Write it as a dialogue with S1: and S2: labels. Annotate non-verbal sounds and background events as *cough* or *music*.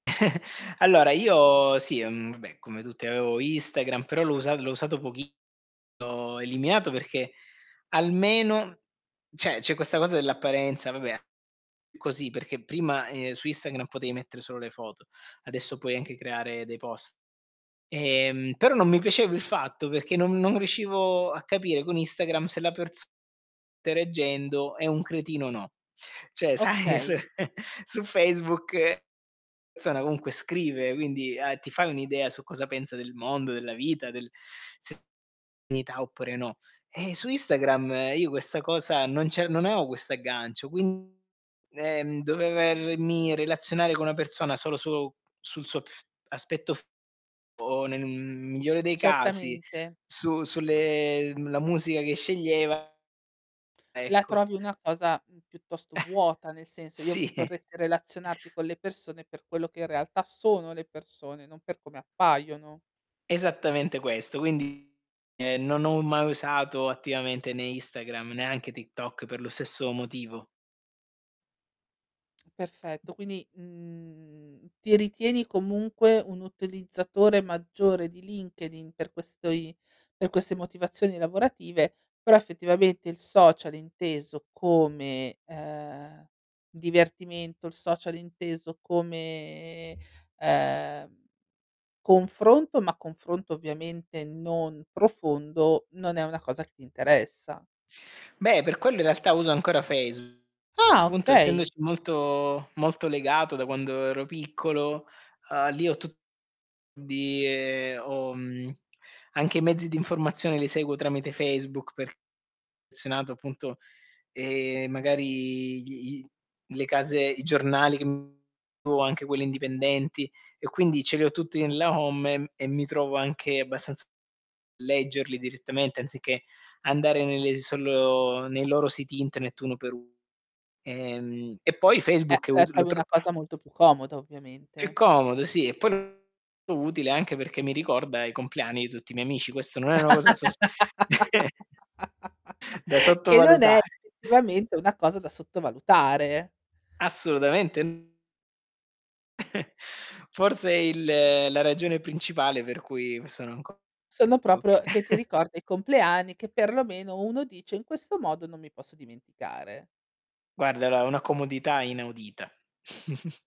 S1: *chuckles* Allora, io, sì mhmm, vabbè come tutti avevo Instagram, però l'ho usat l'ho usato pochissimo l'ho eliminato perché, almeno cioè c'è questa cosa dell'apparenza, vabbè *unintelligible* così, perché prima, ehm, su Instagram potevi mettere solo le foto, adesso puoi anche creare dei post. Ehm, però non mi piaceva il fatto perché non non riuscivo a capire con Instagram se la persona *unintelligible* interagendo è un cretino o no. Cioè, sai, su
S2: Okay.
S1: *chuckles* su Facebook una persona comunque scrive, quindi, uhm, ti fai un'idea su cosa pensa del mondo, della vita, del *unintelligible* oppure no. Ehm, su Instagram, io questa cosa non ce non ho questo aggancio, quindi, ehm, dovermi relazionare con una persona solo su sul suo aspetto fisico, o nel, mhmm, migliore dei casi,
S2: Certamente.
S1: su sulle mhmm, la musica che sceglieva
S2: La
S1: ecco.
S2: trovi una cosa, mhmm, piuttosto vuota, nel
S1: *chuckles*
S2: senso, io
S1: Sì.
S2: v
S1: *chuckles*
S2: vorresti relazionarti con le persone per quello che in realtà sono le persone, non per come appaiono.
S1: Esattamente questo. Quindi, ehm, non ho mai usato attivamente né Instagram, neanche TikTok per lo stesso motivo.
S2: Perfetto. Quindi, mhmm, ti ritieni comunque un utilizzatore maggiore di LinkedIn per questi per queste motivazioni lavorative, però effettivamente il social inteso come, uhm, divertimento, il social inteso come, uhm, confronto, ma confronto ovviamente non profondo, non è una cosa che ti interessa.
S1: Beh, per quello in realtà uso ancora Facebook.
S2: Ah,
S1: Appunto,
S2: okay.
S1: essendoci molto molto legato da quando ero piccolo, uhm, lì ho tutti, quindi ho mhmm, anche i mezzi di informazione li seguo tramite Facebook perché *unintelligible* affezionato appunto, ehm, magari gli i le case, i giornali che *unintelligible* anche quelli indipendenti, e quindi ce li ho tutti nella home, e mhmm, e mi trovo anche abbastanza leggerli direttamente, anziché andare nelle solo nei loro siti internet uno per uno. Ehm, e poi
S2: Eh,
S1: Facebook è
S2: la
S1: ut lo
S2: trovi
S1: tro
S2: una cosa molto più comoda,
S1: più
S2: ovviamente.
S1: comodo, sì, e poi lo trovo molto utile anche perché mi ricorda i compleanni di tutti i miei amici. Questo non è una cosa da sos *chuckles*
S2: *laughs*
S1: da
S2: Che non è
S1: sottovalutare.
S2: effettivamente una cosa da sottovalutare.
S1: Assolutamente. *chuckles* Forse è il la ragione principale per cui sono ancora *unintelligible*
S2: Sono proprio che ti
S1: *chuckles*
S2: ricorda i compleanni che perlomeno uno dice: "In questo modo non mi posso dimenticare."
S1: Guarda, dà una comodità inaudita. *snorts*